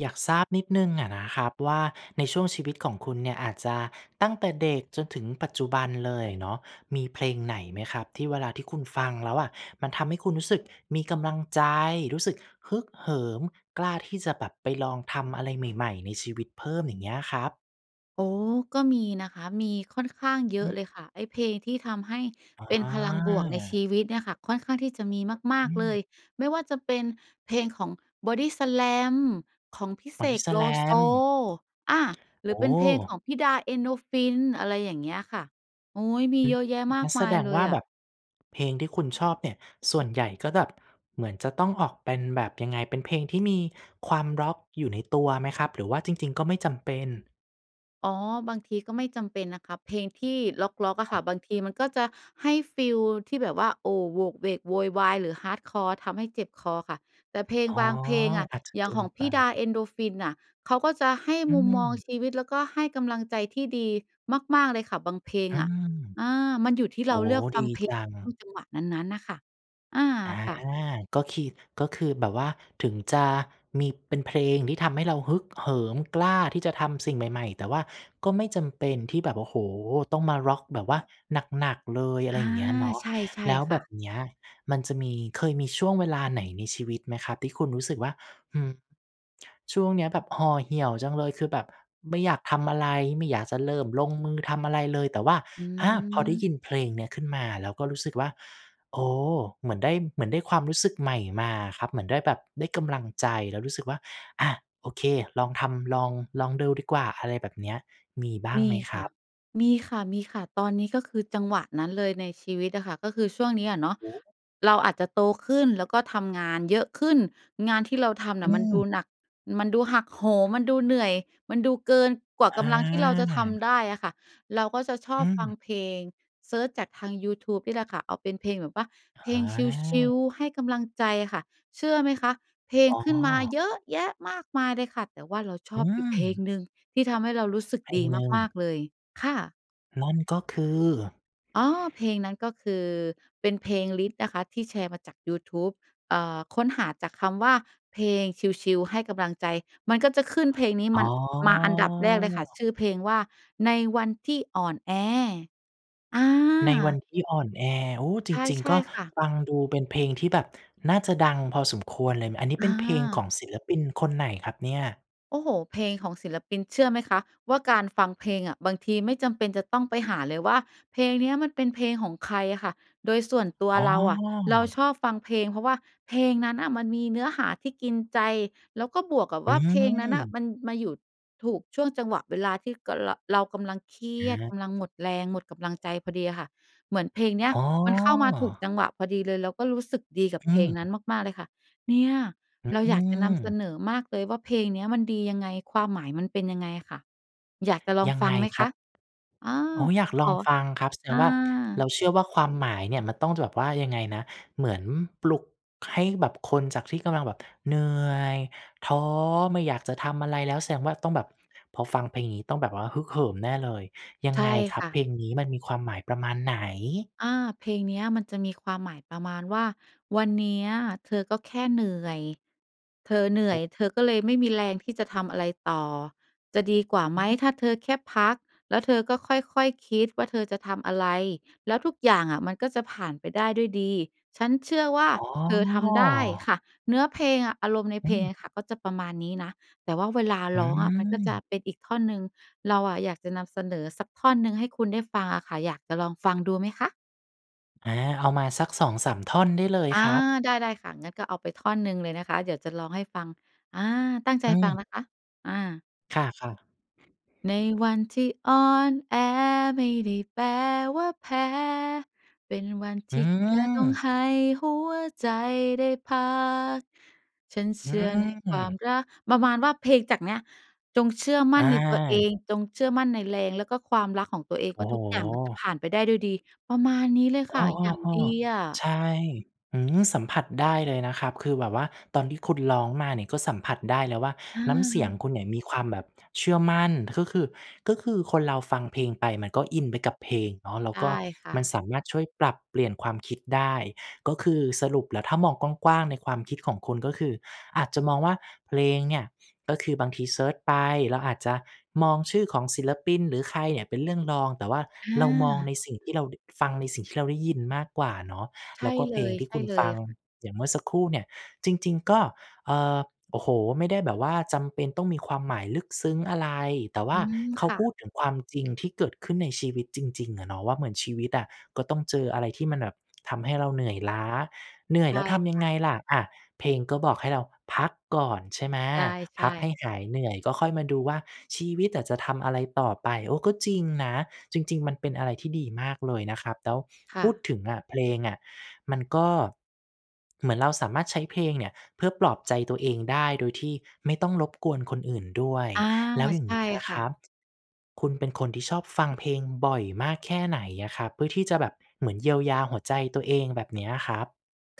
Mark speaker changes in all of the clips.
Speaker 1: อยากทราบนิดหนึ่งอะนะครับว่า ในช่วงชีวิตของคุณเนี่ยอาจจะตั้งแต่เด็กจนถึงปัจจุบันเลยอะเนาะ มีเพลงไหนไหมครับที่เวลาที่คุณฟังแล้วอะ มันทำให้คุณรู้สึกมีกำลังใจ รู้สึกฮึกเหิม กล้าที่จะแบบไปลองทำอะไรใหม่ ๆ ในชีวิตเพิ่ม อย่างเงี้ยครับ?
Speaker 2: โอ้โฮ ก็มีนะคะ มีค่อนข้างเย
Speaker 1: อื
Speaker 2: อะ
Speaker 1: อ
Speaker 2: เลยค่ะ ไอ้เพลงที่ทำให้เป็นพลังบวกในช
Speaker 1: อา
Speaker 2: ีวิตเนี่ยค่ะ ค่อนข้างที่จะมีม
Speaker 1: อ
Speaker 2: า
Speaker 1: ื
Speaker 2: ก ๆ เลย
Speaker 1: ม
Speaker 2: ไม่ว่าจะเป็นเพลงของ Bodyslam ของพี่เสก โลโซ
Speaker 1: Bodyslam
Speaker 2: อา หร
Speaker 1: โอ
Speaker 2: ือเป็นเพลงข
Speaker 1: ้
Speaker 2: องพี่ดา เอ็นโดรฟิน อะไรอย่างเงี้ยค่ะ โอ๊ย มี
Speaker 1: อื
Speaker 2: เ
Speaker 1: อ
Speaker 2: ยอะแยะมา
Speaker 1: งั
Speaker 2: ก
Speaker 1: ้นแ
Speaker 2: ม
Speaker 1: ส
Speaker 2: าย
Speaker 1: ดง
Speaker 2: เล
Speaker 1: ว่
Speaker 2: ย
Speaker 1: า
Speaker 2: อ
Speaker 1: แบ
Speaker 2: ะ
Speaker 1: บ เพลงที่คุณชอบเนี่ยส่วนใหญ่ก็แบบเหมือนจะต้องออกเป็นแบบ ยังไง เป็นเพลงที่มีความร็อกอยู่ในตัวไหมครับ หรือว่าจริง ๆ ก็ไม่จำเป็น?
Speaker 2: อ๋อ บางทีก็ไม่จำเป็นนะคะ เพลงที่ร็อก ๆ อะค่ะ บางทีมันก็จะให้ฟีลที่แบบว่า โอ้ โหวกเหวกโวยวายหรือ Hardcore ทำให้เจ็บคอค่ะ แต่เพลง
Speaker 1: อ๋อ
Speaker 2: บางเพลงอะ
Speaker 1: อาจจะ
Speaker 2: อย
Speaker 1: เ
Speaker 2: ่
Speaker 1: ก
Speaker 2: าง
Speaker 1: ิ
Speaker 2: ข
Speaker 1: น
Speaker 2: อง
Speaker 1: ไ
Speaker 2: พ
Speaker 1: ป
Speaker 2: ี่ดา เอ็นโดรฟินน่ะ เขาก็จะให้
Speaker 1: อื
Speaker 2: มุมมอง
Speaker 1: ม
Speaker 2: ชีวิต แล้ว ก็ให้กำลังใจที่ดีมาก ๆ เลยค่ะบางเพลง
Speaker 1: อื
Speaker 2: อะ
Speaker 1: ม
Speaker 2: อา มันอยู่ที่
Speaker 1: โ
Speaker 2: เ
Speaker 1: อ
Speaker 2: ร
Speaker 1: ้
Speaker 2: า
Speaker 1: โ
Speaker 2: เ
Speaker 1: ฮ
Speaker 2: ลือกฟ
Speaker 1: ด
Speaker 2: ั
Speaker 1: ี
Speaker 2: งเพล
Speaker 1: จ
Speaker 2: ง
Speaker 1: ั
Speaker 2: ช่
Speaker 1: ง
Speaker 2: วงจังหวะนั้น ๆ น่ะค่ะ อา
Speaker 1: อา
Speaker 2: ค่ะ
Speaker 1: ก็คี ก็คือแบบว่าถึงจะมี เป็นเพลงที่ทำให้เราฮึกเหิม กล้าที่จะทำสิ่งใหม่ ๆ แต่ว่าก็ไม่จำเป็นที่แบบ โอ้โฮ ต้องมาร็อกแบบว่าหนัก ๆ เลย อะ
Speaker 2: อ
Speaker 1: ไร
Speaker 2: า
Speaker 1: อย่างเงี้ยเนาะ
Speaker 2: ใช่
Speaker 1: แล้ว
Speaker 2: ๆ ค
Speaker 1: แบ
Speaker 2: ่ะ
Speaker 1: บเนี้ยมันจะมี เคยมีช่วงเวลาไหนในชีวิตไหมครับ ที่คุณรู้สึกว่า อืม ช่วงเนี้ยแบบห่อเหี่ยวจังเลย คือแบบไม่อยากทำอะไร ไม่อยากจะเริ่มลงมือทำอะไรเลย แต่ว่า
Speaker 2: อื
Speaker 1: อา พอได้ย
Speaker 2: ม
Speaker 1: ินเพลงเนี้ยขึ้นมา แล้วก็รู้สึกว่า โอ้โฮ เหมือนได้ เหมือนได้ความรู้สึกใหม่มาครับ เหมือนได้แบบ ได้กำลังใจ แล้วรู้สึกว่า อา โอเค ลองทำ ลอง ลองดูดีกว่า อะไรแบบเนี้ย มีบ้าง
Speaker 2: ม
Speaker 1: ไ
Speaker 2: ี
Speaker 1: หมค
Speaker 2: ค
Speaker 1: ร
Speaker 2: ่
Speaker 1: ั
Speaker 2: ะ
Speaker 1: บ?
Speaker 2: มีค่ะ ๆ ตอนนี้ก็คือจังหวะนั้นเลยในชีวิตอะค่ะ ก็คือช่วงเนี้ยอะเนาะ
Speaker 1: โอ้โฮ
Speaker 2: เราอาจจะโตขึ้น แล้วก็ทำงานเยอะขึ้น งานที่เราทำน่
Speaker 1: อ
Speaker 2: ะ
Speaker 1: ื
Speaker 2: มันดู
Speaker 1: ม
Speaker 2: หนัก มันดูหักโหม มันดูเหนื่อย มันดูเกินกว่า
Speaker 1: อ
Speaker 2: กำลังที่เราจะท
Speaker 1: า
Speaker 2: ำได้อะค่ะ เราก็จะชอ
Speaker 1: อ
Speaker 2: บฟัง
Speaker 1: ืม
Speaker 2: เพลง เซิร์ชจากทางยูทูบนี่แหละค่ะ เอาเป็นเพลงแบบว่าเพล
Speaker 1: อ
Speaker 2: งชิล
Speaker 1: า
Speaker 2: ๆ ให้กำลังใจค่ะ เชื่อไหมคะ เพลง
Speaker 1: อ๋
Speaker 2: ขึ้นมา
Speaker 1: อ
Speaker 2: เยอะแยะมากมายเลยค่ะ แต่ว่าเราช
Speaker 1: อื
Speaker 2: อบอยู่เพลง
Speaker 1: ม
Speaker 2: หนึ่งที่ทำให้เรารู้สึก
Speaker 1: เพล
Speaker 2: ดี
Speaker 1: งหนึ่
Speaker 2: มาก
Speaker 1: ง
Speaker 2: ๆ เลยค่ะ
Speaker 1: นั่นก็คือ
Speaker 2: อ๋อ เพลงนั้น ก็คือเป็นเพลงลิสต์นะคะ ที่แชร์มาจากยูทูบ เอ่อ ค้นหาจากคำว่า เพลงชิล ๆ ให้กำลังใจ มันก็จะขึ้นเพลงนี้
Speaker 1: อ
Speaker 2: มั
Speaker 1: ๋อ
Speaker 2: น มาอันดับแรกเลยค่ะ ชื่อเพลงว่า ในวันที่อ่อนแอ อา
Speaker 1: ในวันที่อ่อนแอ โอ้ จ
Speaker 2: ใ
Speaker 1: ริง
Speaker 2: ช
Speaker 1: ๆ ก
Speaker 2: ่
Speaker 1: ็
Speaker 2: ๆ ค่ะ
Speaker 1: ฟังดูเป็นเพลงที่แบบน่าจะดังพอสมควรเลย อันนี้
Speaker 2: อ
Speaker 1: เป็นเพลงขอ
Speaker 2: า
Speaker 1: งศิลปินคนไหนครับเนี่ย?
Speaker 2: โอ้โฮ เพลงของศิลปิน เชื่อไหมคะว่า การฟังเพลงอะบางทีไม่จำเป็นจะต้องไปหาเลยว่า เพลงเนี้ยมันเป็นเพลงของใครค่ะ โดยส่วนตัว
Speaker 1: อ๋
Speaker 2: เราอะ เรา
Speaker 1: อ
Speaker 2: ชอบฟังเพลง เพราะว่าเพลงนั้นน่ะ มันมีเนื้อหาที่กินใจ แล้วก็บวกกับ
Speaker 1: อ
Speaker 2: ว่า เพลงนั้นน่ะ
Speaker 1: ืม
Speaker 2: มันมาอยู่ถูกช่วงจังหวะเวลา ที่กะ เรา เรากำลังเครียด
Speaker 1: อ
Speaker 2: ก
Speaker 1: า
Speaker 2: ำลังหมดแรง หมดกำลังใจพอดีค่ะ เหมือนเพลงเนี้ย
Speaker 1: อ๋
Speaker 2: มันเข้ามาถูก
Speaker 1: อ
Speaker 2: จังหวะพอดีเลย เราก็รู้สึกดีกับ
Speaker 1: อ
Speaker 2: เ
Speaker 1: ื
Speaker 2: พลงนั้น
Speaker 1: ม
Speaker 2: มาก ๆ เลยค่ะ เนี่ย
Speaker 1: อ
Speaker 2: เราอยากจะนำเส
Speaker 1: ืม
Speaker 2: นอมากเลยว่า เพลงเนี้ยมันดียังไง ความหมายมันเป็นยังไงค่ะ อยากจะลอง
Speaker 1: ยัง
Speaker 2: ฟั
Speaker 1: ไง
Speaker 2: งไหม
Speaker 1: ค
Speaker 2: ค
Speaker 1: รั
Speaker 2: ะ?
Speaker 1: บ?
Speaker 2: อา
Speaker 1: โอ้ อยาก
Speaker 2: ข
Speaker 1: ลอง
Speaker 2: อ
Speaker 1: ฟังครับ แสด
Speaker 2: อ
Speaker 1: งว่า เรา
Speaker 2: า
Speaker 1: เชื่อว่า ความหมายเนี่ย มันต้องแบบว่า ยังไงนะ เหมือนปลุกให้แบบคนจากที่กำลังแบบเหนื่อย ท้อ ไม่อยากจะทำอะไรแล้ว แสดงว่าต้องแบบพอฟังเพลงนี้ ต้องแบบว่าฮึกเหิมแน่เลย ยัง
Speaker 2: ใช่
Speaker 1: ไงครั
Speaker 2: ค
Speaker 1: บ
Speaker 2: ่
Speaker 1: เ
Speaker 2: ะ
Speaker 1: พลงนี้มันมีความหมายประมาณไหน?
Speaker 2: อา เพลงเนี้ยมันจะมีความหมายประมาณว่า "วันเนี้ยเธอก็แค่เหนื่อย เธอเหนื
Speaker 1: โ
Speaker 2: ่
Speaker 1: อ
Speaker 2: อย
Speaker 1: ้
Speaker 2: เธอก็เลยไม่มีแรงที่จะทำอะไรต่อ จะดีกว่า
Speaker 1: อ
Speaker 2: ไหม?
Speaker 1: ืม
Speaker 2: ถ้าเธอแค่พัก แล้วเธอก็ค่อย ๆ คิดว่า เธอจะทำอะไร แล้วทุกอย่างอะมันก็จะผ่านไปได้ด้วยดี ฉันเชื่อว่า
Speaker 1: อ๋
Speaker 2: เธอทำได้"
Speaker 1: อ
Speaker 2: ค่ะ เนื้อเพลงอะ อารมณ์ใน
Speaker 1: อื
Speaker 2: เพลง
Speaker 1: ม
Speaker 2: ค่ะ ก็จะประมาณนี้นะ แต่ว่าเวลา
Speaker 1: อื
Speaker 2: ร้องอะมันก็จะ
Speaker 1: ม
Speaker 2: เป็นอีกท่อนหนึ่ง เราอะอยากจะนำเสนอสักท่อนหนึ่งให้คุณได้ฟังอะค่ะ อยากจะลองฟังดูไหมคะ?
Speaker 1: อา เอามาสัก 2 3 ท่อนได้เลย
Speaker 2: อา
Speaker 1: ครับ
Speaker 2: ได้ ได้ค่ะ งั้นก็เอาไปท่อนหนึ่งเลยนะคะ เดี๋ยวจะร้องให้ฟัง อา ตั้งใจ
Speaker 1: อื
Speaker 2: ฟังน
Speaker 1: ม
Speaker 2: ะคะ อา
Speaker 1: ค่ะ ๆ
Speaker 2: ในวันที่อ่อนแอไม่ได้แปลว่าแพ้ เป็นวันท
Speaker 1: อื
Speaker 2: ี่แค่ต้อง
Speaker 1: อ
Speaker 2: ให้หัวใจได้พัก ฉันเ
Speaker 1: อ
Speaker 2: ชื่อในค
Speaker 1: ื
Speaker 2: วาม
Speaker 1: อ
Speaker 2: รัก ประมาณว่าเพลงจากเนี้ย จงเชื่อมั
Speaker 1: อ
Speaker 2: ่นในตัวเอ
Speaker 1: า
Speaker 2: ง จงเชื่อมั่นในแรง แล้วก็ความรักของตัวเอง
Speaker 1: โอ
Speaker 2: ว่
Speaker 1: ้
Speaker 2: า
Speaker 1: โฮ
Speaker 2: ทุกอย่างมันจะผ่านไปได้ด้วยดี ประมาณนี้เลย
Speaker 1: อ
Speaker 2: ค่
Speaker 1: ้อ
Speaker 2: ะ อย่างดีอ
Speaker 1: ๆ
Speaker 2: ะ
Speaker 1: ๆ ใช่ อื้อฮือ สัมผัสได้เลยนะครับ คือแบบว่า ตอนที่คุณร้องมาเนี่ย ก็สัมผัสได้แล้วว่า
Speaker 2: อ
Speaker 1: น้ำเสียง
Speaker 2: า
Speaker 1: คุณเนี่ย มีความแบบเชื่อมั่น ก็คือ ก็คือคนเราฟังเพลงไป มันก็อินไปกับเพลงเนาะ แล้ว
Speaker 2: ได
Speaker 1: ก็
Speaker 2: ้ค่
Speaker 1: มัน
Speaker 2: ะ
Speaker 1: สามารถช่วยปรับเปลี่ยนความคิดได้ ก็คือสรุปแล้ว ถ้ามองกว้าง ๆ ในความคิดของคุณ ก็คืออาจจะมองว่าเพลงเนี่ย ก็คือบางทีเซิร์ชไป เราอาจจะมองชื่อของศิลปิน หรือใครเนี่ยเป็นเรื่องรอง แต่ว่า
Speaker 2: อ
Speaker 1: เรามอง
Speaker 2: า
Speaker 1: ในสิ่งที่เรา ด ฟังในสิ่งที่เราได้ยินมากกว่าเนาะ
Speaker 2: ใช
Speaker 1: แล
Speaker 2: ่
Speaker 1: ้วก็
Speaker 2: เ
Speaker 1: เ
Speaker 2: ล
Speaker 1: พลง
Speaker 2: ย
Speaker 1: ที่
Speaker 2: ใช
Speaker 1: ค
Speaker 2: ่
Speaker 1: ุณ
Speaker 2: เล
Speaker 1: ฟ
Speaker 2: ย
Speaker 1: ัง
Speaker 2: ค่ะ
Speaker 1: อย่างเมื่อสักครู่เนี่ย จริง ๆ ก็ เอ่อ โอ้โฮ ไม่ได้แบบว่า จำเป็นต้องมีความหมายลึกซึ้งอะไร? แต่ว
Speaker 2: อ
Speaker 1: ่
Speaker 2: ื
Speaker 1: า
Speaker 2: ม
Speaker 1: เขา
Speaker 2: ค่
Speaker 1: พ
Speaker 2: ะ
Speaker 1: ูดถึงความจริงที่เกิดขึ้นในชีวิตจริง ๆ อะเนาะว่า เหมือนชีวิตอะ ก็ต้องเจออะไรที่มันแบบทำให้เราเหนื่อยล้า เหนื่อ
Speaker 2: ใ
Speaker 1: ย
Speaker 2: ช
Speaker 1: แล
Speaker 2: ่
Speaker 1: ้วทำย
Speaker 2: ค
Speaker 1: ัง
Speaker 2: ่ะ
Speaker 1: ไงล่ะ? อะ เพลงก็บอกให้เราพักก่อน ใช่ไหม
Speaker 2: ใช
Speaker 1: พ
Speaker 2: ่
Speaker 1: ักให
Speaker 2: ๆ
Speaker 1: ้หายเหนื่อย ก็ค่อยมาดูว่า ชีวิตอะจะทำอะไรต่อไป โอ้ ก็จริงนะ จริง ๆ มันเป็นอะไรที่ดีมากเลยนะครับ แล้ว
Speaker 2: ค
Speaker 1: พ
Speaker 2: ่
Speaker 1: ูด
Speaker 2: ะ
Speaker 1: ถึงอะ เพลงอะมันก็ เหมือนเราสามารถใช้เพลงเนี่ย เพื่อปลอบใจตัวเองได้ โดยที่ไม่ต้องรบกวนคนอื่นด้วย
Speaker 2: อา
Speaker 1: แล้วอย่
Speaker 2: ใ
Speaker 1: า
Speaker 2: ช
Speaker 1: ง
Speaker 2: ่
Speaker 1: เงี้ย
Speaker 2: ค
Speaker 1: ค
Speaker 2: ่
Speaker 1: ร
Speaker 2: ะ
Speaker 1: ับ คุณเป็นคนที่ชอบฟังเพลงบ่อยมากแค่ไหนอะครับ? เพื่อที่จะแบบเหมือนเยียวยาหัวใจตัวเองแบบเนี้ยครับ?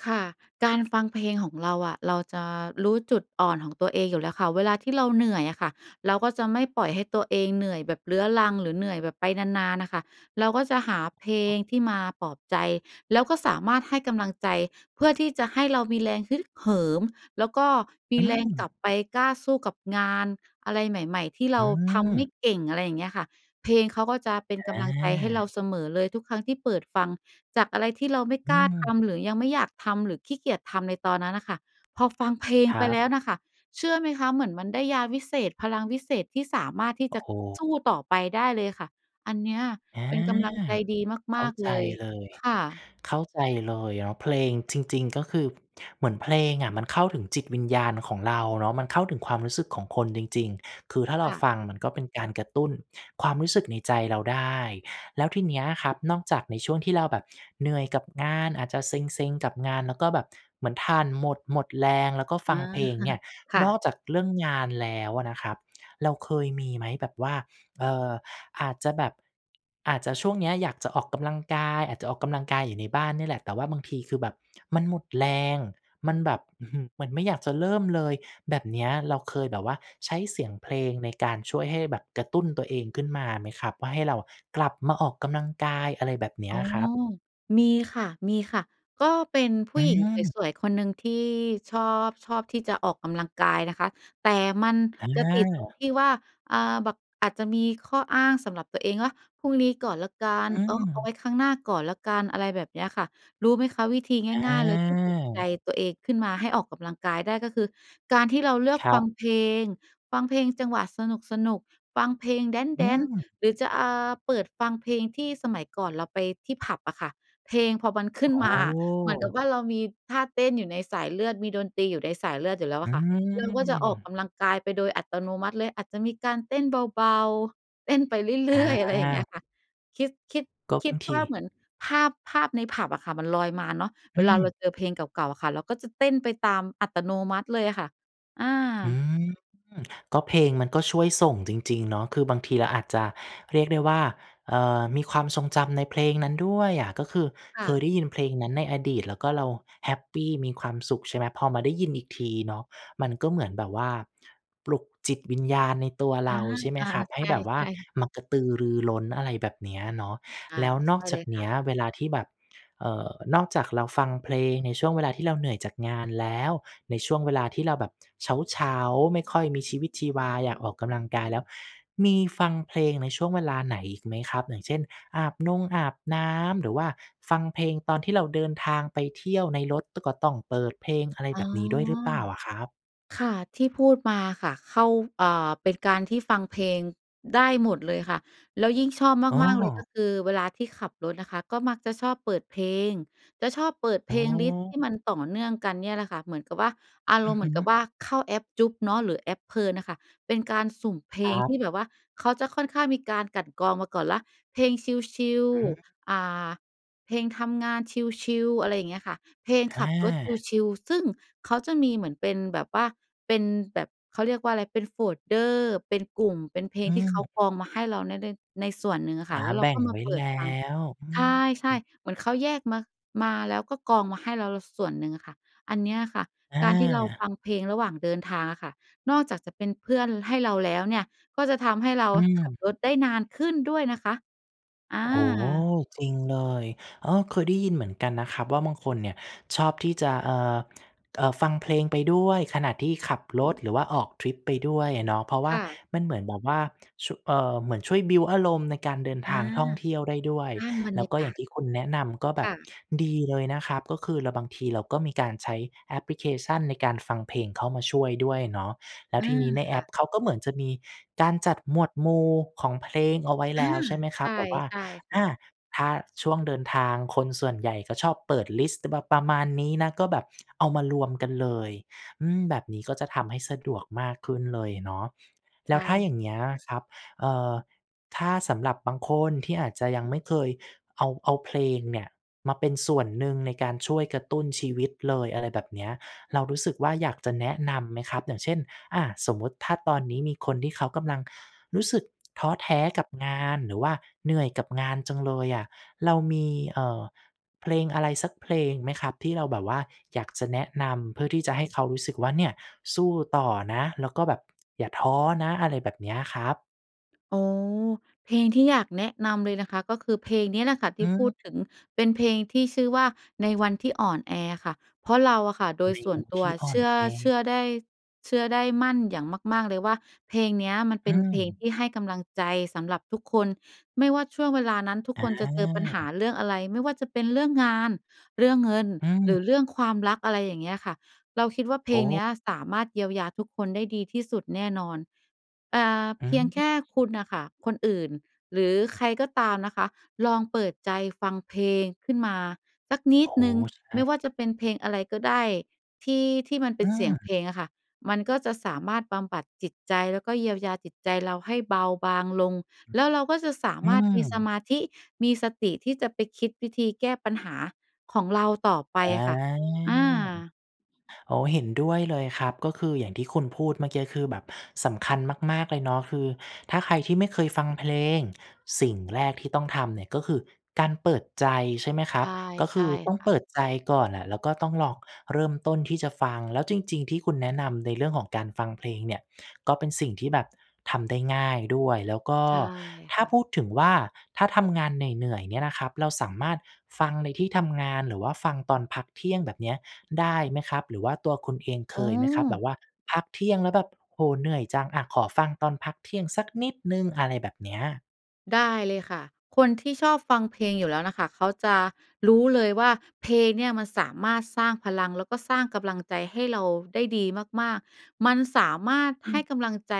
Speaker 2: ค่ะ การฟังเพลงของเราอะ เราจะรู้จุดอ่อนของตัวเองอยู่แล้วค่ะ เวลาที่เราเหนื่อยอะค่ะ เราก็จะไม่ปล่อยให้ตัวเองเหนื่อยแบบเรื้อรัง หรือเหนื่อยแบบไปนาน ๆ น่ะค่ะ เราก็จะหาเพล
Speaker 1: อ๋อ
Speaker 2: งที่มาปลอบใจ แล้วก็สามารถให้กำลังใจ เพื่อที่จะให้เรามีแรงฮึกเหิม แล้วก็ม
Speaker 1: อ
Speaker 2: ี
Speaker 1: ื
Speaker 2: แรงกลับ
Speaker 1: ม
Speaker 2: ไปกล้าสู้กับงาน อะไรใหม่ ๆ ที่เ
Speaker 1: อ
Speaker 2: รา
Speaker 1: ื
Speaker 2: ทำไม่
Speaker 1: ม
Speaker 2: เก่ง อะไรอย่างเงี้ยค่ะ เพลงเขาก็จะเป็น
Speaker 1: อ
Speaker 2: กำลังใจให้เรา
Speaker 1: า
Speaker 2: เสมอเลย ทุกครั้งที่เปิดฟัง จากอะไรที่เราไม่
Speaker 1: อื
Speaker 2: กล้าท
Speaker 1: ม
Speaker 2: ำ หรือยังไม่อยากทำ หรือขี้เกียจทำในตอนนั้นน่ะค่ะ พอฟังเพลง
Speaker 1: คร
Speaker 2: ไป
Speaker 1: ั
Speaker 2: แล
Speaker 1: บ
Speaker 2: ้วน่ะค่ะ เชื่อไหมคะ? เหมือนมันได้ยาวิเศษ พลังวิเศษที่สามารถที่
Speaker 1: โอ้
Speaker 2: จะ
Speaker 1: โ
Speaker 2: ส
Speaker 1: ฮ
Speaker 2: ู้ต่อไปได้เลยค่ะ อันเนี้ย
Speaker 1: อา
Speaker 2: เป็นกำลังใจดี
Speaker 1: เ
Speaker 2: ม
Speaker 1: ข้
Speaker 2: า
Speaker 1: า
Speaker 2: ก
Speaker 1: ใ
Speaker 2: ๆ
Speaker 1: จ
Speaker 2: เลย
Speaker 1: เลย
Speaker 2: ค่ะ
Speaker 1: เข้าใจเลย แล้วเพลง จริง ๆ ก็คือเหมือนเพลงอะมันเข้าถึงจิตวิญญาณของเราเนาะ มันเข้าถึงความรู้สึกของคนจริง ๆ คือถ้าเร
Speaker 2: ค
Speaker 1: า
Speaker 2: ่ะ
Speaker 1: ฟังมันก็เป็นการกระตุ้นความรู้สึกในใจเราได้ แล้วทีเนี้ยครับ นอกจากในช่วงที่เราแบบเหนื่อยกับงาน อาจจะเซ็ง ๆ กับงาน แล้วก็แบบเหมือนถ่านหมด หมดแรง แล้วก็
Speaker 2: อ
Speaker 1: ฟ
Speaker 2: ๋
Speaker 1: ั
Speaker 2: อ
Speaker 1: งเพลงเนี่ย
Speaker 2: ค่
Speaker 1: นอ
Speaker 2: ะ
Speaker 1: กจากเรื่องงานแล้วอะนะครับ เราเคยมีไหม? แบบว่า เอ่อ อาจจะแบบ อาจจะช่วงเนี้ยอยากจะออกกำลังกาย อาจจะออกกำลังกายอยู่ในบ้านเนี่ยแหละ แต่ว่าบางทีคือแบบมันหมดแรง มันแบบ อือฮึ มันไม่อยากจะเริ่มเลย แบบเนี้ย เราเคยแบบว่า ใช้เสียงเพลง ในการช่วยให้แบบกระตุ้นตัวเองขึ้นมาไหมครับ? ว่าให้เราอะกลับมาออกกำลังกาย อะไรแบบเนี้
Speaker 2: อ๋
Speaker 1: ย
Speaker 2: อ
Speaker 1: ครับ
Speaker 2: มีค่ะ ๆ ก็เป็นผ
Speaker 1: อ
Speaker 2: ู
Speaker 1: ื
Speaker 2: ้หญิง
Speaker 1: ม
Speaker 2: สวย ๆ คนหนึ่งที่ ชอบ ชอบที่จะออกกำลังกายนะคะ แต่มัน
Speaker 1: อ
Speaker 2: จะติดตรง
Speaker 1: า
Speaker 2: ที่ว่า อ่า แบบอาจจะมีข้ออ้างสำหรับตัวเองว่า พรุ่งนี้ก่อนแล้วกั
Speaker 1: อ
Speaker 2: น เออ เอา
Speaker 1: ื
Speaker 2: ไ
Speaker 1: ม
Speaker 2: ว้ครั้งหน้าก่อนแล้วกัน อะไรแบบเนี้ยค่ะ รู้ไหมคะ? วิธีง่าย ๆ เลยที่ปลุกใจ
Speaker 1: อา
Speaker 2: ตัวเองขึ้นมาให้ออกกำลังกายได้ ก็คือการที่เราเลือก
Speaker 1: ครั
Speaker 2: ฟั
Speaker 1: บ
Speaker 2: งเพลง ฟังเพลงจังหวะสนุก ๆ ฟังเพลงแ
Speaker 1: อื
Speaker 2: ดนซ์
Speaker 1: ม
Speaker 2: ๆ หรือจะ อ่า เปิดฟังเพลงที่สมัยก่อนเราไปที่ผับอะค่ะ เพลงพอมันขึ
Speaker 1: โ
Speaker 2: ้
Speaker 1: อ
Speaker 2: นมาอะ เหมือนกับ
Speaker 1: ้
Speaker 2: ว่า เรามีท่าเต้นอยู่ในสายเลือด มีดนตรีอยู่ในสายเลือดอยู่แล้วอ
Speaker 1: อื
Speaker 2: ะค่ะ เราก็จะออกก
Speaker 1: ม
Speaker 2: ำลังกายไปโดยอัตโนมัติเลย อาจจะมีการเต้นเบา ๆ เต้นไปเรื่อย ๆ อะไรอย่างเงี้
Speaker 1: อา
Speaker 2: ยค่ะ คิด คิด
Speaker 1: ก็
Speaker 2: ค
Speaker 1: บ
Speaker 2: ิ
Speaker 1: า
Speaker 2: ด
Speaker 1: งท
Speaker 2: ว่าเ
Speaker 1: ี
Speaker 2: หมือนภาพ ภาพในผับอะค่ะ มันลอยมาเนาะ
Speaker 1: อ
Speaker 2: เว
Speaker 1: ื
Speaker 2: ลาเรา
Speaker 1: ม
Speaker 2: เจอเพลงเก่า ๆ อะค่ะ เราก็จะเต้นไปตามอัตโนมัติเลยอะค่ะ อ
Speaker 1: อื
Speaker 2: า
Speaker 1: ม ก็เพลงมันก็ช่วยส่งจริง ๆ เนาะ คือบางทีเราอาจจะ เรียกได้ว่า เอ่อ มีความทรงจำในเพลงนั้นด้วยอะ ก็คือ
Speaker 2: ค่
Speaker 1: เคยได
Speaker 2: ะ
Speaker 1: ้ยินเพลงนั้นในอดีต แล้วก็เราแฮปปีมีความสุข ใช่ไหม พอมาได้ยินอีกทีเนาะ มันก็เหมือนแบบว่า ปลุกจิตวิญญาณในตัว
Speaker 2: อ
Speaker 1: เร
Speaker 2: า
Speaker 1: า ใช่ไหม
Speaker 2: อา
Speaker 1: ครับ ให
Speaker 2: ใ
Speaker 1: ้แบบว่า
Speaker 2: ช่ ๆ
Speaker 1: มากระตือรือร้น อะไรแบบเนี้ยเนาะ
Speaker 2: อา
Speaker 1: แล้วน
Speaker 2: ใช
Speaker 1: อก
Speaker 2: ่
Speaker 1: จ
Speaker 2: เล
Speaker 1: าก
Speaker 2: ย
Speaker 1: เ
Speaker 2: ค
Speaker 1: น
Speaker 2: ่
Speaker 1: ี้
Speaker 2: ะ
Speaker 1: ยเวลาที่แบบ เอ่อ นอกจากเราฟังเพลงในช่วงเวลาที่เราเหนื่อยจากงานแล้ว ในช่วงเวลาที่เราแบบ เช้า ๆ ไม่ค่อย มีชีวิตชีวา อยากออกกำลังกาย แล้วมีฟังเพลงในช่วงเวลาไหนอีกไหมครับ? อย่างเช่น อาบนงอาบน้ำ หรือว่าฟังเพลงตอนที่เราเดินทางไปเที่ยวในรถ ต ก็ต้องเปิดเพลง อะไร
Speaker 2: อ
Speaker 1: แ
Speaker 2: ๋
Speaker 1: บ
Speaker 2: อ
Speaker 1: บนี้ด้วยหรือเปล่าอะครับ?
Speaker 2: ค่ะ ที่พูดมาค่ะ เข้า อ่า เป็นการที่ฟังเพลงได้หมดเลยค่ะ แล้วยิ่งชอบ
Speaker 1: อ้
Speaker 2: มาก ๆ เลย ก
Speaker 1: อ
Speaker 2: ็คือเวลาที่ขับรถนะคะ ก็มักจะชอบเปิดเพลง จะชอบเปิดเ
Speaker 1: อ
Speaker 2: พ
Speaker 1: ๋อ
Speaker 2: ลงลิสต์ที่มันต่อเนื่องกันเนี่ยแหละค่ะ เหมือนกับว่า อา
Speaker 1: อ
Speaker 2: ร
Speaker 1: ื
Speaker 2: ม
Speaker 1: อ
Speaker 2: ณ์เห
Speaker 1: ฮ
Speaker 2: มื
Speaker 1: ึ
Speaker 2: อนกับว่าเข้าแอป Joox เนาะ หรือแอป Plern น่ะค่ะ เป็นการสุ่มเพล
Speaker 1: คร
Speaker 2: ง
Speaker 1: ั
Speaker 2: ท
Speaker 1: บ
Speaker 2: ี่แบบว่า เขาจะค่อนข้างมีการกลั่นกรองมาก่อนแล้ว เพลงชิล
Speaker 1: อืม
Speaker 2: ๆ อ่า เพลงทำงานชิล ๆ อะไรอย่างเงี้ยค่ะ เพลงข
Speaker 1: อ
Speaker 2: ับรถ
Speaker 1: า
Speaker 2: ชิล ๆ ซึ่งเขาจะมีเหมือนเป็นแบบว่า เป็นแบบ เขาเรียกว่าอะไร เป็น folder เป็นกลุ่ม เป็นเพลง
Speaker 1: อื
Speaker 2: ที่เขา
Speaker 1: ม
Speaker 2: กรองมาให้เรานะได้ ในส่วนหนึ่งอะ
Speaker 1: อ
Speaker 2: ค่
Speaker 1: า
Speaker 2: ะ แล้วเร
Speaker 1: แ
Speaker 2: า
Speaker 1: บ่
Speaker 2: ก็
Speaker 1: ง
Speaker 2: มา
Speaker 1: ไว้
Speaker 2: เปิ
Speaker 1: แล
Speaker 2: ด
Speaker 1: ้
Speaker 2: ฟัง
Speaker 1: ว อื
Speaker 2: ใ
Speaker 1: ม
Speaker 2: ช่ ๆ เหมือนเขาแยกมา มา แล้วก็กรองมาให้เรา ล ส่วนหนึ่งอะค่ะ อันเนี้ยค่ะ การที่เราฟ
Speaker 1: อา
Speaker 2: ังเพลงระหว่างเดินทางอะค่ะ นอกจากจะเป็นเพื่อนให้เราแล้วเนี่ย ก็จะทำให้เรา
Speaker 1: อื
Speaker 2: ขั
Speaker 1: ม
Speaker 2: บรถได้นานขึ้นด้วยนะคะ อ
Speaker 1: โอ้โฮ
Speaker 2: า
Speaker 1: จริงเลย เออ เคยได้ยินเหมือนกันนะครับว่า บางคนเนี่ยชอบที่จะ เอ่อ เอ่อ ฟังเพลงไปด้วยขณะที่ขับ รถ หรือว่าออกทริปไปด้วยอะเนาะ เพราะว่
Speaker 2: ค
Speaker 1: า
Speaker 2: ่ะ
Speaker 1: มันเหมือนแบบว่า ช เอ่อ เหมือนช่วยบิลต์อารมณ์ในการเดิน
Speaker 2: อ
Speaker 1: ทา
Speaker 2: า
Speaker 1: งท่องเที่ยวได้ด้วย
Speaker 2: สร้างบร
Speaker 1: แล
Speaker 2: ร
Speaker 1: ้
Speaker 2: ย
Speaker 1: ว
Speaker 2: า
Speaker 1: ก็
Speaker 2: ก
Speaker 1: อย่
Speaker 2: า
Speaker 1: าง
Speaker 2: ศ
Speaker 1: ที่คุณแนะนำ ก็แบ
Speaker 2: ค
Speaker 1: บ
Speaker 2: ่ะ
Speaker 1: ดีเลยนะครับ ก็คือเรา บางทีเราก็มีการใช้แอปพลิเคชันในการฟังเพลงเข้ามาช่วยด้วยเนาะ แล้
Speaker 2: อ
Speaker 1: ว
Speaker 2: า
Speaker 1: ทีนี้ใน
Speaker 2: ค
Speaker 1: แอ
Speaker 2: ่ะ
Speaker 1: ปเขาก็เหมือนจะมีการจัดหมวดหมู่ของเพลงเอาไว้
Speaker 2: อ
Speaker 1: แล
Speaker 2: า
Speaker 1: ้ว ใช่ไหมคร
Speaker 2: ใช
Speaker 1: ับ
Speaker 2: ่
Speaker 1: แบบว่า
Speaker 2: ใช่ค
Speaker 1: อ
Speaker 2: ่ะ
Speaker 1: า ถ้าช่วงเดินทาง คนส่วนใหญ่ก็ชอบเปิดลิสต์ จะแบบประมาณนี้นะ ก็แบบ เอามารวมกันเลย อืม แบบนี้ก็จะทำให้สะดวกมากขึ้นเลยเนาะ แ
Speaker 2: ใ
Speaker 1: ล
Speaker 2: ช
Speaker 1: ้วถ้า
Speaker 2: ่
Speaker 1: อย่างเงี้ยครับ เอ่อ ถ้าสำหรับบางคนที่อาจจะยังไม่เคยเอา เอาเพลงเนี่ย มาเป็นส่วนหนึ่งในการช่วยกระตุ้นชีวิตเลย อะไรแบบเนี้ย เรารู้สึกว่า อยากจะแนะนำไหมครับ? อย่างเช่น อะ สมมุติถ้าตอนนี้มีคนที่เขากำลังรู้สึก ท้อแท้กับงาน หรือว่าเหนื่อยกับงานจังเลยอะ เรามี เอ่อ เพลงอะไรสักเพลงไหมครับ ที่เราแบบว่าอยากจะแนะนำ? เพื่อที่จะให้เขารู้สึกว่าเนี่ย สู้ต่อนะ แล้วก็แบบ อย่าท้อนะ อะไรแบบเนี้ยครับ
Speaker 2: อ๋อ เพลงที่อยาก แนะนำเลยนะคะ ก็คือเพลงเนี้ยแหละค่ะท
Speaker 1: อ
Speaker 2: ี่พูดถึ
Speaker 1: ืม
Speaker 2: ง เป็นเพลงที่ชื่อว่า ในวันที่อ่อนแอ ค่ะ เพราะเราค่ะโด
Speaker 1: ใ
Speaker 2: ย
Speaker 1: น
Speaker 2: ส่
Speaker 1: ว
Speaker 2: วน
Speaker 1: ัน
Speaker 2: ต
Speaker 1: ท
Speaker 2: ัว
Speaker 1: ี่อ่
Speaker 2: เ
Speaker 1: อ
Speaker 2: ช
Speaker 1: น
Speaker 2: ื่อ
Speaker 1: แอ
Speaker 2: เชื่อได้ เชื่อได้ มั่นอย่างมาก ๆ เลยว่า เพลงเนี้ยมันเ
Speaker 1: อ
Speaker 2: ป
Speaker 1: ื
Speaker 2: ็นเพลงท
Speaker 1: ม
Speaker 2: ี่ให้กำลังใจสำหรับทุกคน ไม่ว่าช่วงเวลานั้นทุก
Speaker 1: อ
Speaker 2: คนจะเจอปัญหา
Speaker 1: า
Speaker 2: เรื่องอะไร? ไม่ว่าจะเป็นเรื่องงาน เรื่องเงิน
Speaker 1: อื
Speaker 2: หรือ
Speaker 1: ม
Speaker 2: เรื่องความรัก อะไรอย่างเงี้ยค่ะ เราคิดว่า เพ
Speaker 1: โ
Speaker 2: ลงเนี้
Speaker 1: อ้
Speaker 2: ยสามารถเยียวยาทุกคนได้ดีที่สุดแน่นอน อ่า
Speaker 1: อ
Speaker 2: เพียงแค
Speaker 1: ืม
Speaker 2: ่คุณน่ะค่ะ คนอื่นหรือใครก็ตามนะคะ ลองเปิดใจ ฟังเพลงขึ้นมาสักนิ
Speaker 1: โอ้
Speaker 2: ด
Speaker 1: โฮ
Speaker 2: หนึ่ง
Speaker 1: ใช
Speaker 2: ไม
Speaker 1: ่
Speaker 2: ่ว่าจะเป็นเพลงอะไรก็ได้ ที่ ที่มันเป
Speaker 1: อื
Speaker 2: ็นเสียงเพ
Speaker 1: ม
Speaker 2: ลงอะค่ะ มันก็จะสามารถบำบัดจิตใจแล้วก็เยียวยาจิตใจ เราให้เบาบางลง แล้วเราก็จะสา
Speaker 1: อือ อื
Speaker 2: มารถมีส
Speaker 1: ม
Speaker 2: มาธิ มีสติที่จะไปคิดวิธีแก้ปัญหาของเราต่อไป
Speaker 1: อา
Speaker 2: ค่ะ อา
Speaker 1: โอ้ เห็นด้วยเลยครับ ก็คืออย่างที่คุณพูดเมื่อกี้ คือแบบสำคัญมาก ๆ เลยเนาะ คือถ้าใครที่ไม่เคยฟังเพลง สิ่งแรกที่ต้องทำเนี่ยก็คือการเปิดใจ ใช่ไหมคร
Speaker 2: ใช
Speaker 1: ับ
Speaker 2: ่
Speaker 1: ก็
Speaker 2: ใ
Speaker 1: ค
Speaker 2: ช่
Speaker 1: ือต้อง
Speaker 2: ค่
Speaker 1: เป
Speaker 2: ะ
Speaker 1: ิดใจก่อนแหละ แล้วก็ต้องลองเริ่มต้นที่จะฟัง แล้วจริง ๆ ที่คุณแนะนำในเรื่องของการฟังเพลงเนี่ยก็เป็นสิ่งที่แบบทำได้ง่ายด้วย แล้วก็
Speaker 2: ใช่
Speaker 1: ถ้
Speaker 2: ค
Speaker 1: า
Speaker 2: ่ะ
Speaker 1: พูดถึงว่า ถ้าทำงานเหนื่อย ๆ เนี่ยนะครับ เราสามารถฟังในที่ทำงาน หรือว่าฟังตอนพักเที่ยง แบบเนี้ย ได้ไหมครับ? หรือว่าตัวคุณเองเค
Speaker 2: อ๋อ
Speaker 1: ยไหมครับ? แบบว่าพักเที่ยงแล้วแบบ โอ้โฮ เหนื่อยจัง อ่า ขอฟังตอนพักเที่ยงสัก นิดหนึ่ง อะไรแบบเนี้ย
Speaker 2: ได้เลยค่ะ คนที่ชอบฟังเพลงอยู่แล้วน่ะค่ะ เขาจะรู้เลยว่า เพลงเนี่ยมันสามารถสร้างพลัง แล้วก็สร้างกำลังใจให้เราได้ดีมาก ๆ มันสามารถ
Speaker 1: อ
Speaker 2: ให
Speaker 1: ื
Speaker 2: ้
Speaker 1: ม
Speaker 2: กำลังใจ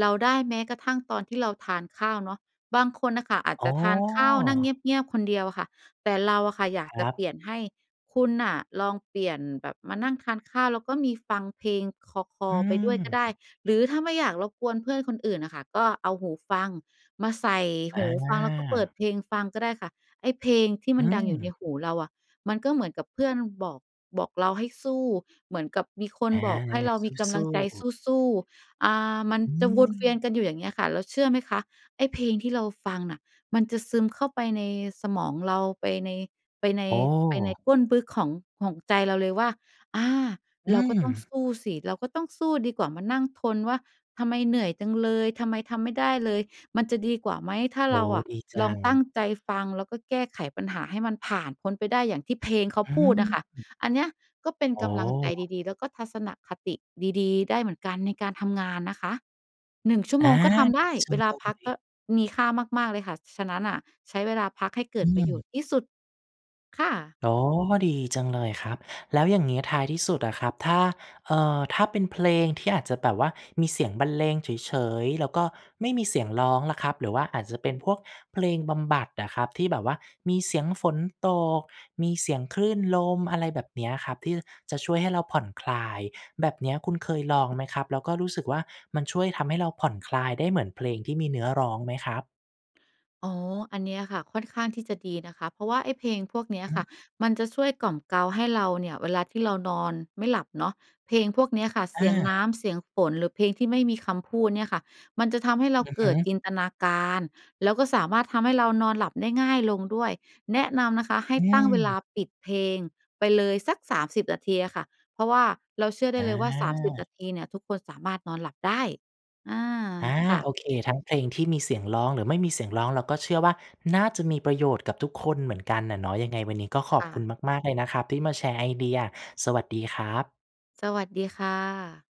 Speaker 2: เราได้แม้กระทั่งตอนที่ เราทานข้าวเนาะ บางคนน่ะค่ะอาจ
Speaker 1: อ๋
Speaker 2: จะทานข้าวนั่งเ
Speaker 1: อ
Speaker 2: งียบ ๆ คนเดียวค่ะ แต่เราอะค่ะ อยาก
Speaker 1: คร
Speaker 2: จะ
Speaker 1: ับ
Speaker 2: เปลี่ยนให้ คุณน่ะลองเปลี่ยนแบบมานั่งทานข้าว แล้วก็มีฟังเพลงคล
Speaker 1: อ
Speaker 2: อ
Speaker 1: ื
Speaker 2: ๆ ไปด้วยก็ได้
Speaker 1: ม
Speaker 2: หรือถ้าไม่อยากรบกวนเพื่อนคนอื่นน่ะค่ะ ก็เอาหูฟัง มาใส่
Speaker 1: อ
Speaker 2: หูฟังแล้วก็เปิด
Speaker 1: า
Speaker 2: เพลงฟังก็ได้ค่ะ ไอ้เพลงที่
Speaker 1: อ
Speaker 2: ม
Speaker 1: ื
Speaker 2: ันดังอยู่ใน
Speaker 1: ม
Speaker 2: หูเราอะ มันก็เหมือนกับเพื่อนบอก บอกเราให้สู้ เหมือนกับมีค
Speaker 1: อ
Speaker 2: น
Speaker 1: า
Speaker 2: บอกให้เรามีก
Speaker 1: ส
Speaker 2: ำล
Speaker 1: ู
Speaker 2: ั
Speaker 1: ้
Speaker 2: งใจ
Speaker 1: ๆ
Speaker 2: สู้ ๆ อ่า มัน
Speaker 1: อื
Speaker 2: จะวนเวีย
Speaker 1: ม
Speaker 2: นกันอยู่ อย่างเงี้ยค่ะ แล้วเชื่อไหมคะ ไอ้เพลงที่เราฟังน่ะ มันจะซึมเข้าไปในสมองเรา ไปใน ไปใน
Speaker 1: อ๋อ
Speaker 2: ไปในก้นบึกของ ของใจเราเลยว่า อา
Speaker 1: อื
Speaker 2: เราก็ต้อง
Speaker 1: ม
Speaker 2: สู้สิ เราก็ต้องสู้ดีกว่ามานั่งทนว่า ทำไมเหนื่อยจังเลย? ทำไมทำไม่ได้เลย? มันจะดีกว่าไหม? ถ้า
Speaker 1: โอ้
Speaker 2: เรา
Speaker 1: โฮ
Speaker 2: อะ
Speaker 1: ดีจ
Speaker 2: ลอ
Speaker 1: ั
Speaker 2: ง
Speaker 1: ง
Speaker 2: ตั้งใจฟัง แล้วก็แก้ไขปัญหาให้มันผ่านพ้นไปได้อย่างที่เพลงเขาพูดอะค่ะ
Speaker 1: หือ
Speaker 2: อันเนี้ยก็เป็น
Speaker 1: อ๋
Speaker 2: กำลังใจ
Speaker 1: อ
Speaker 2: ดี ๆ แล้วก็ทัศนคติดี ๆ ได้เหมือนกันในการทำงานนะคะ 1 ชั่ว
Speaker 1: อ
Speaker 2: โม
Speaker 1: า
Speaker 2: งก็ท
Speaker 1: ด
Speaker 2: ำไ
Speaker 1: ี
Speaker 2: ด้
Speaker 1: จั
Speaker 2: เว
Speaker 1: ง
Speaker 2: ล
Speaker 1: เ
Speaker 2: า
Speaker 1: ล
Speaker 2: พัก
Speaker 1: ย
Speaker 2: ก็มีค่ามาก ๆ เลยค่ะ ฉะนั้นน่ะ ใช้เวลาพักให้เก
Speaker 1: อ
Speaker 2: ิ
Speaker 1: ื
Speaker 2: ดประโยช
Speaker 1: ม
Speaker 2: น์ที่สุด ค่ะ
Speaker 1: อ๋อ ดีจังเลยครับ แล้วอย่างงี้ท้ายที่สุดอะครับ ถ้า เอ่อ ถ้าเป็นเพลงที่อาจจะแบบว่ามีเสียงบรรเลงเฉย ๆ แล้วก็ไม่มีเสียงร้องล่ะครับ หรือว่าอาจจะเป็นพวกเพลงบำบัดอะครับ ที่แบบว่ามีเสียงฝนตก มีเสียงคลื่นลม อะไรแบบเนี้ยครับ ที่จะช่วยให้เราผ่อนคลาย แบบเนี้ยคุณเคยลองไหมครับ? แล้วก็รู้สึกว่า มันช่วยทำให้เราผ่อนคลายได้เหมือนเพลงที่มีเนื้อร้องไหมครับ?
Speaker 2: อ๋อ อันเนี้ยค่ะค่อนข้างที่จะดีนะคะ เพราะว่าไอ้เพลงพวกเนี้ย
Speaker 1: อื
Speaker 2: ค่
Speaker 1: อ
Speaker 2: ะ มันจะช่วยกล่อมเกลาให้เราเนี่ยเวลาที่เรานอนไม่หลับเนาะ เพลงพวกเนี้ยค่ะ เ
Speaker 1: อ
Speaker 2: สียงน้
Speaker 1: า
Speaker 2: ำ เสียงฝน หรือเพลงที่ไม่มีคำพูดเนี่ยค่ะ มันจะทำให้เรา
Speaker 1: อือ
Speaker 2: เ
Speaker 1: ฮ
Speaker 2: กิด
Speaker 1: ึ
Speaker 2: จินตนาการ แล้วก็สามารถทำให้เรานอนหลับได้ง่ายลงด้วย แนะนำนะคะให้
Speaker 1: อื
Speaker 2: ตั้งเวลา
Speaker 1: ม
Speaker 2: ปิดเพลงไปเลยสัก 30 นาทีอะค่ะ เพราะว่าเราเชื่อได้เลยว่า 30 น
Speaker 1: อา
Speaker 2: าทีเนี่ย ทุกคนสามารถนอนหลับได้ อา
Speaker 1: อา
Speaker 2: ค่ะ
Speaker 1: โอเค ทั้งเพลงที่มีเสียงร้องหรือไม่มีเสียงร้อง เราก็เชื่อว่า น่าจะมีประโยชน์กับทุกคนเหมือนกันน่ะเนาะ ยังไงวันนี้ก็ข
Speaker 2: ค
Speaker 1: อบ
Speaker 2: ่
Speaker 1: คุณ
Speaker 2: ะ
Speaker 1: มาก ๆ เลยนะครับที่มาแชร์ไอเดีย สวัสดีครับ
Speaker 2: สวัสดีค่ะ